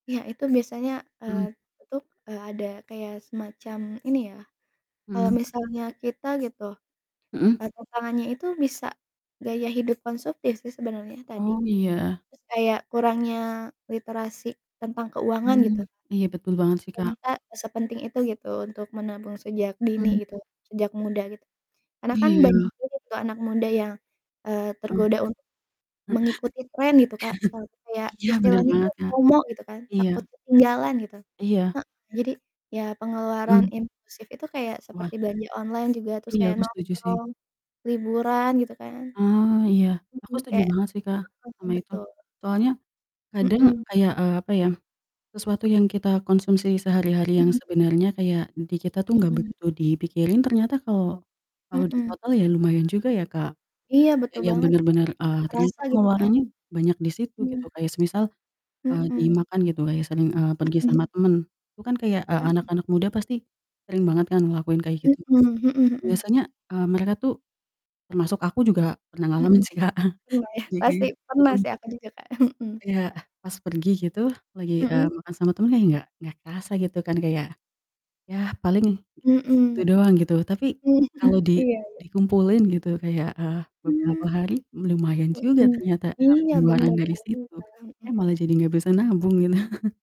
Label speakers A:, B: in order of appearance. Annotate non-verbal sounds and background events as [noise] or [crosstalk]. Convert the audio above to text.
A: Iya itu biasanya, eee,
B: Mhm.
A: itu, eee, ada kayak semacam ini ya, kalau
B: Mhm.
A: misalnya kita gitu,
B: Mhm.
A: e tantangannya itu bisa gaya hidup konsumtif sih sebenarnya tadi,
B: Oh, iya.
A: terus kayak kurangnya literasi tentang keuangan gitu.
B: Mmm, iya betul banget sih, Kak.
A: Ternyata sepenting itu gitu untuk menabung sejak dini
B: Hmm.
A: gitu, sejak muda gitu karena kan banyak
B: Iya.
A: juga tuh anak muda yang, eee,
B: Heeh.
A: tergoda untuk
B: he
A: mengikuti trend gitu, Kak, sekarang
B: [chuckles]
A: kayak
B: iya bener
A: istilahnya itu
B: banget, Kak.
A: FOMO gitu kan takut
B: Iya.
A: ketinggalan gitu.
B: Iya.
A: Heeh, jadi ya pengeluaran
B: Hmm.
A: impulsif itu kayak
B: Wah.
A: seperti belanja online juga terus
B: Iya
A: kayak
B: aku setuju sih.
A: nongkrong liburan gitu kan.
B: Ah, iya aku
A: Mhm,
B: setuju
A: kayak
B: banget sih, Kak,
A: heeh,
B: sama itu
A: betul.
B: soalnya kadang
A: Mhm.
B: kayak, eee, apa ya, sesuatu yang kita konsumsi sehari-hari
A: Mhm,
B: yang
A: m
B: sebenarnya kayak di kita tuh gak
A: Mhm.
B: begitu dipikirin ternyata kalau kalau di
A: Heeh.
B: total ya lumayan juga ya, Kak,
A: Iya,
B: e
A: betul
B: yang
A: banget, Kak,
B: bener-bener,
A: yuk
B: eee, ternyata
A: kerasa gitu kan?
B: pengeluarannya banyak di situ
A: Mmm.
B: gitu kayak semisal, eee,
A: Mhm.
B: dimakan gitu kayak sering, eee, pergi
A: Mhm.
B: sama temen itu kan kayak, eee,
A: Mhm.
B: anak-anak muda pasti sering banget kan ngelakuin kayak
A: Mhm
B: gitu. Nah
A: mhm mhm.
B: biasanya, eee, mereka tuh, termasuk aku juga pernah ngalamin
A: Mhm,
B: sih, Kak. [chuckles]
A: lumayan pasti
B: jadi
A: pernah
B: mhm.
A: sih aku juga, Kak, mhm.
B: Ya, ah, pas pergi gitu lagi, eee,
A: Mhm.
B: makan sama temen nggak nggak kerasa gitu kan kayak, yah paling segitu
A: Mhm.
B: doang gitu tapi kalo
A: Mhm,
B: di
A: iya iya.
B: dikumpulin gitu kayak, eee,
A: Hmm.
B: beberapa hari lumayan juga ternyata,
A: Mhm,
B: eee,
A: iya
B: pengeluaran
A: bener
B: dari
A: banget,
B: situ,
A: Kak, mhm.
B: eh, malah jadi gak bisa nabung kan. [laughs]